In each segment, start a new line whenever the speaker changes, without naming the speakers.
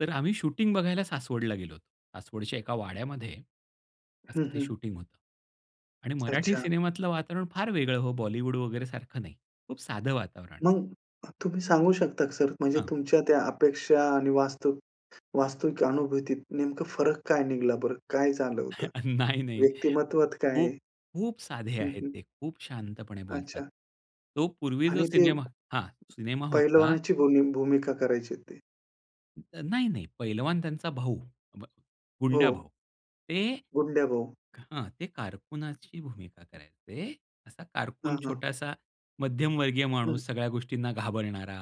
तर आम्ही शूटिंग बघायला सासवडला गेलो होतो. सासवडच्या एका वाड्यामध्ये असं
हं,
ते
हं.
शूटिंग होतं. आणि मराठी
अच्छा.
सिनेमातलं वातावरण फार वेगळं हो, बॉलिवूड वगैरे सारखं नाही. खूप साधं वातावरण.
मग तुम्ही सांगू शकता का सर, म्हणजे
हां.
तुमच्या त्या अपेक्षा आणि वास्तव वास्तविक अनुभूतीत नेमकं फरक काय निघाला बरं? काय झालं होतं?
नाही, नाही
व्यक्तिमत्वात काय
खूप, खूप साधे
हं,
आहेत
हं.
ते. खूप शांतपणे बोलतात.
अच्छा.
तो पूर्वी जो
आणि ते
सिनेमा हां, सिनेमा होता.
पैलवानाची भूमी भूमिका करायचे ते.
तर नाही, नाही. पैलवान त्यांचा भाऊ. भ
हो.
गुंड्याभाऊ. ते
गुंड्याभाऊ.
हां, ते कारकुनाची भूमिका करायचे. असा कारकून
हां, हां.
छोटासा मध्यमवर्गीय
हं.
माणूस सगळ्या गोष्टींना घाबरणारा,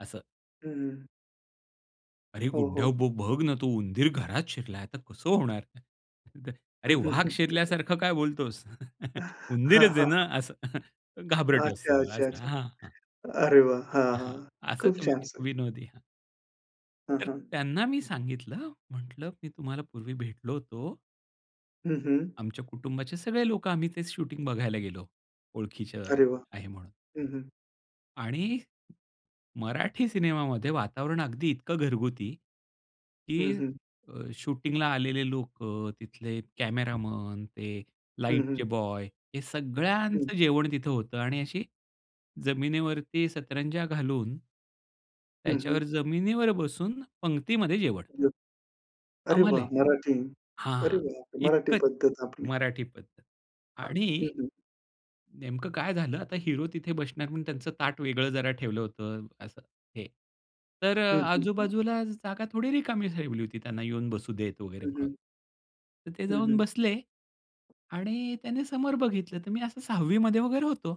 असं.
हं, हं.
अरे
हो,
गुंड्या
हो.
भाऊ बघ ना तो उंदीर घरात शिरला तर कसं होणार? अरे!
हं, हं,
वाघ
हं. तेथे का?
शिरल्यासारखं काय बोलतोस?
हां,
उंदीरच आहे
हां.
ना? असं, घाबरट
अच्छा,
असतो
अच्छा,
असा.
अच्छा.
हां, हां.
अरे वाह! हां,
हं,
हां. खूप
असचं वी
छान सर.
विनोदी. हां.
हं,
तर
हं.
त्यांना मी सांगितलं. म्हटलं "मी तुम्हाला पूर्वी भेटलो होतो."
हं, हं.
आमच्या कुटुंबाचे सगळे लोकं आम्ही तेच शूटिंग बघायला गेलो. ओळखीचं
अरे वाह!
आहे म्हणून.
हं, हं.
आणि मराठी सिनेमामध्ये वातावरण अगदी इतकं घरगुती,
हं,
की
हं.
अ, शूटिंगला आलेले लोकं, तिथले कॅमेरामन, ते
हं,
लाईटचे
हं.
बॉय हे
हं.
सगळ्यांचं जेवण तिथं होतं. आणि अशी जमिनीवरती सतरंजा घालून,
हं, हं.
त्याच्यावर जमिनीवर बसून पंगतीमध्ये जेवण.
[unintelligible] अरे वाह!
आम्हालाही.
मराठी. अरे
हां,
वाह! मराठी
इतकं
पद्धत आपली.
मराठी पद्धत.
हं,
आणि
हं.
नेमकं काय झालं आता हीरो तिथे बसणार म्हणून त्यांचं ताट वेगळं जरा ठेवलं होतं असं हे. तर अ,
हं, हं, हं.
आजू-बाजूला जागा थोडी रिकामी ठेवली होती त्यांना येऊन बसू देत वगैरे
हं,
म्हणून.
हं.
तर ते
हं,
जाऊन
हं.
बसले आणि त्याने समोर बघितलं. तर मी असं 6वी मध्ये वगैरे होतो.